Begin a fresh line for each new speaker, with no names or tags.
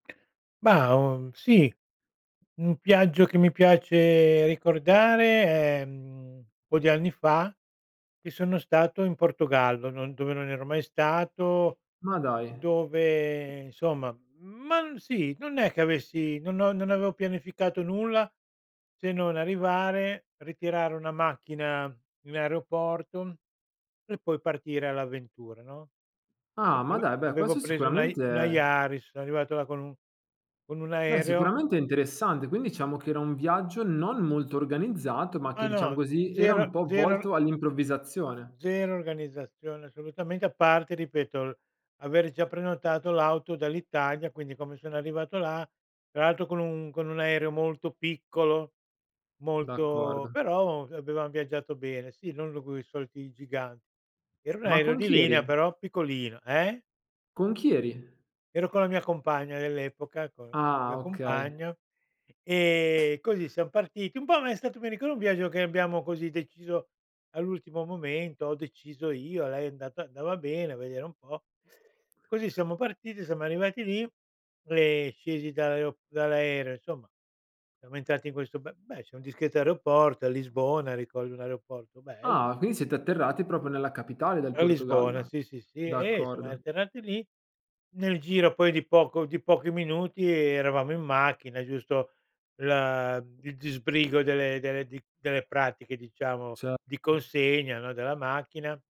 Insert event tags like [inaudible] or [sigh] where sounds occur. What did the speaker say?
Mah, uhm, sì, un viaggio che mi piace ricordare è, mhmm, po' di anni fa che sono stato in Portogallo, non dove non ero mai stato,
Ma dai.
dove, insomma, ma m sì, non è che avessi no no non avevo pianificato nulla se non arrivare, ritirare una macchina in aeroporto e poi partire all'avventura, no, v
Ah, ma
v
dai, beh,
avevo
questo
preso una i
sicuramente
una
è
Yaris, son arrivato là con un con un
beh,
aereo.
sicuramente è interessante. Quin diciamo che era un viaggio non molto organizzato ma
Ma
che, diciamo
no,
così, era
zero
un po'
zero
volto all'improvvisazione.
zero organizzazione assolutamente, a parte, ripeto, avere già prenotato l'auto dall'Italia, quindi, come sono arrivato là, tra l'altro con un con un aereo molto piccolo, molto
D'accordo.
però, [unintelligible] avevam viaggiato bene. Sì, non coi soliti giganti. Era un
Ma
aereo
con
di
chi
linea,
eri?
però piccolino. Eh?
Con chi eri?
Ero con la mia compagna dell'epoca, con con la mia
Ah, okay.
compagna e così siam partiti. Un po' è stato, mi ricordo, un viaggio che abbiamo, così, deciso all'ultimo momento, ho deciso io, a lei è andata andava bene, a vedere un po'. Così, siamo partiti, siamo arrivati lì, e scesi dall'ae dall'aereo, insomma, siamo entrati in questo be beh, c'è un discreto aeroporto, a Lisbona, ricordo un aeroporto bello,
Ah,
insom
quindi siete atterrati proprio nella capitale del
A Lisbona,
Portogallo.
sì, sì, sì. Eh, siamo
D'accordo.
atterrati lì, nel giro, poi, di poco di pochi minuti eravamo in macchina, giusto l il disbrigo delle delle di delle pratiche, diciamo,
Ce
di consegna, no, della macchina.